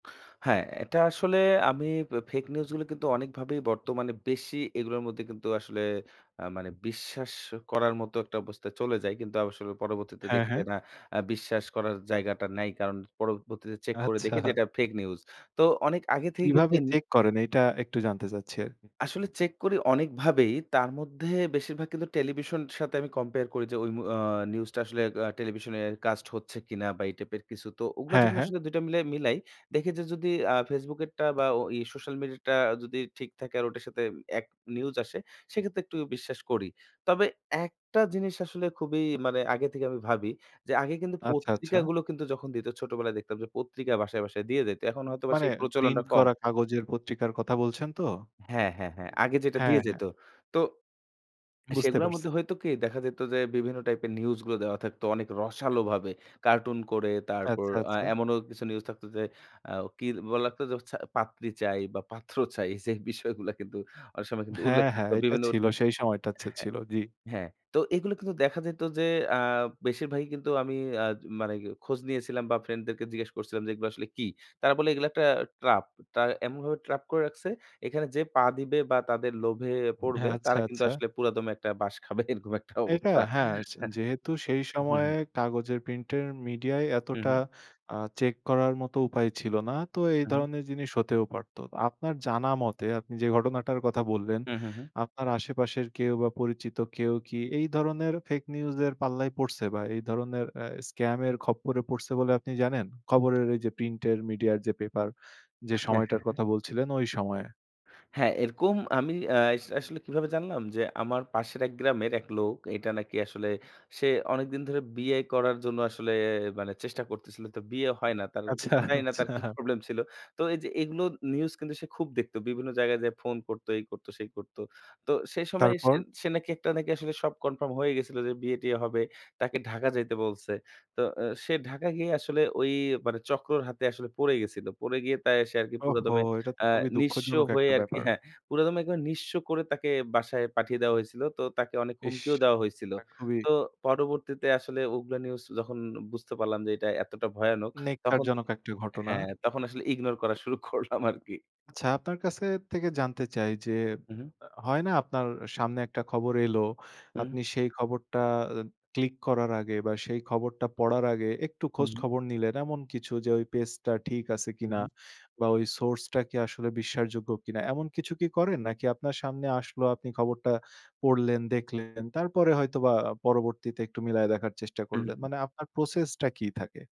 হ্যাঁ, এটা আসলে আমি বে ফেক নিউজগুলো কিন্তু অনেকভাবেই বর্তমানে বেশি এগুলোর মধ্যে কিন্তু আসলে অ্যা মানে বিশ্বাস করার মতো একটা অবস্থায় চলে যাই। কিন্তু আসলে পরবর্তীতে হ্যাঁ, দেখি যে হ্যাঁ। না অ্যা বিশ্বাস করার জায়গাটা নাই। কারণ পরবর্তীতে চেক করে আচ্ছা। দেখি যে এটা ফেক নিউজ। তো অনেক আগে থেকেই কিন্তু কিভাবে এম চেক করেন এইটা একটু জানতে চাচ্ছি আরকি। আসলে চেক করি অনেকভাবেই। তার মধ্যে বেশিরভাগ কিন্তু টেলিভিশনের সাথে আমি কম্পেয়ার করি যে ওই অম অ্যা নিউজটা আসলে টেলিভিশনে কাস্ট হচ্ছে কিনা বা এই টাইপের কিছু। তো ওগুলো হ্যাঁ, যখন হ্যাঁ। আসলে দুইটা মিলাই মিলাই। দেখি যে যদি অ্যা ফেসবুকেরটা বা ওই সোশ্যাল মিডিয়াটা যদি ঠিক থাকে আর ওটার সাথে এক নিউজ আসে সেক্ষেত্রে একটু বিশ্বাস করি। তবে একটা জিনিস আসলে খুবই মানে আগে থেকে আমি ভাবি যে, আগে কিন্তু আচ্ছা, আচ্ছা। পত্রিকাগুলো কিন্তু যখন দিত ছোটবেলায় দেখতাম যে পত্রিকা বাসায় বাসায় দিয়ে যাইতো। এখন হয়তোবা মানে সেই প্রচলনটা প্রিন্ট কম। করা কাগজের পত্রিকার কথা বলছেন তো? হ্যাঁ, হ্যাঁ, হ্যাঁ, আগে যেটা দিয়ে হ্যাঁ, যেত। হ্যাঁ। তো বুঝতে সেগুলোর মধ্যে পারছি। হইতো কি? দেখা যেত যে বিভিন্ন টাইপের নিউজগুলো দেওয়া থাকতো অনেক রসালোভাবে। কার্টুন ক, রে তারপর আচ্ছা, আচ্ছা। এমনও কিছু নিউজ থাকতো যে, অ্যা কি বলা লাগতো যে পাত্রী চাই বা পাত্র চাই সেই বিষয়গুলা কিন্তু অনেক সময় কিন্তু উল্লেখ হ্যাঁ, থাকত হ্যাঁ এটা বিভিন্ন ছিল, সেই সময়টা হ্যাঁ, ছিল। জ্বি। হ্যাঁ। তো এগুলো কিন্তু দেখা যেত যে অ্যা বেশিরভাগই কিন্তু আমি অ্যা মানে খোঁজ নিয়েছিলাম বা ফ্রেন্ডদেরকে জিজ্ঞেস করছিলাম যে, এগুলো আসলে কী? তারা বলে এগুলো একটা ট্রাপ। তারা এমনভাবে ট্র্যাপ করে রাখছে এখানে যে পা দিবে বা তাদের লোভে পড়বে, হ্যাঁ। আচ্ছা, তারা কিন্তু আচ্ছা। আসলে পুরাদমে একটা বাঁশ খাবে এরকম একটা এটা অবস্থা। হ্যাঁ যেহেতু সেই হুম, সময়ে হুম। কাগজের প্রিন্টের মিডিয়ায় হুম, এতটা হুম। অ্যা চেক করার মতো উপায় ছিল না। তো এই আ হু। ধরনের জিনিস হতেও পারত। আপনার জানা মতে আপনি যে ঘটনাটার কথা বললেন, হুম, হুম, হুম। আপনার আশেপাশের কেউ বা পরিচিত কেউ কি এই ধরনের ফেক নিউজ এর পাল্লায় পড়ছে বা এই ধরনের এ স্কাম এর খপ্পরে পড়ছে বলে আপনি জানেন? খবরের এই যে প্রিন্ট মিডিয়ার যে পেপার যে হ্যাঁ, সময়টার হ্যাঁ, হ্যাঁ। কথা বলছিলেন ওই সময়ে। হ্যাঁ, এরকম আমি অ্যাস আসলে কিভাবে জানলাম যে, আমার পাশের এক গ্রামের এক লোক এটা নাকি আসলে সে অনেকদিন ধরে বিয়ে করার জন্য আসলে মানে চেষ্টা করতেছিল। তো বিয়ে হয় না। তার আচ্ছা, জানি না তার কি আচ্ছা। প্রবলেম ছিল। তো এইযে এগুলো নিউজ কিন্তু সে খুব দেখতো। বিভিন্ন জায়গায় যে ফোন করতো, এই কর্তো, সেই করত। তো সেই সময় তারপর? সে নাকি একটা নাকি আসলে সব কনফার্ম হয়ে গেছিলো যে বিয়ে টিয়ে হবে। তাকে ঢাকা যাইতে বলছে। তো এ সে ঢাকা গিয়ে আসলে ওই মানে চক্রর হাতে আসলে পড়ে গেছিল। পড়ে গিয়ে তাই সে আরকি ওহো! পুরাদমে এটা তো অ্যা খুবই নিঃস্ব দুঃখজনক হয়ে একটা আরকি ব্যাপার। হ্যাঁ, পুরাদমে একবারে নিঃস্ব করে তাকে বাসায় পাঠিয়ে দেয়া হয়েছিল। তো তাকে অনেক ইস! হুমকিও দেওয়া হয়েছিল। তা খুবই তো পরবর্তীতে আসলে ওগুলো নিউজ যখন বুঝতে পারলাম যে, এটা এতটা ভয়ানক তখন, নেক্কারজনক একটা ঘটনা। হ্যাঁ তখন আসলে ইগনোর করা শুরু করলাম আরকি। আচ্ছা আপনার কাছে থেকে জানতে চাই যে, হুম, হুম। হয় না আপনার সামনে একটা খবর এলো। হুম। আপনি সেই খবরটা ক্লিক করার আগে বা সেই খবরটা পড়ার আগে একটু হু, খোঁজ হুম। খবর নিলেন এমন কিছু যে, ওই পেজ টা ঠিক আছে হু, কিনা হু। বা ওই সোর্সটা কি আসলে বিশ্বাসযোগ্য কিনা। এমন কিছু কি করেন নাকি আপনার সামনে আসলো আপনি খবরটা পড়লেন, দেখলেন, তারপরে হয়তো বা পরবর্তীতে একটু মিলায়ে দেখার চেষ্টা উ করলেন। হুম। মানে আপনার প্রসেস টা কী থাকে?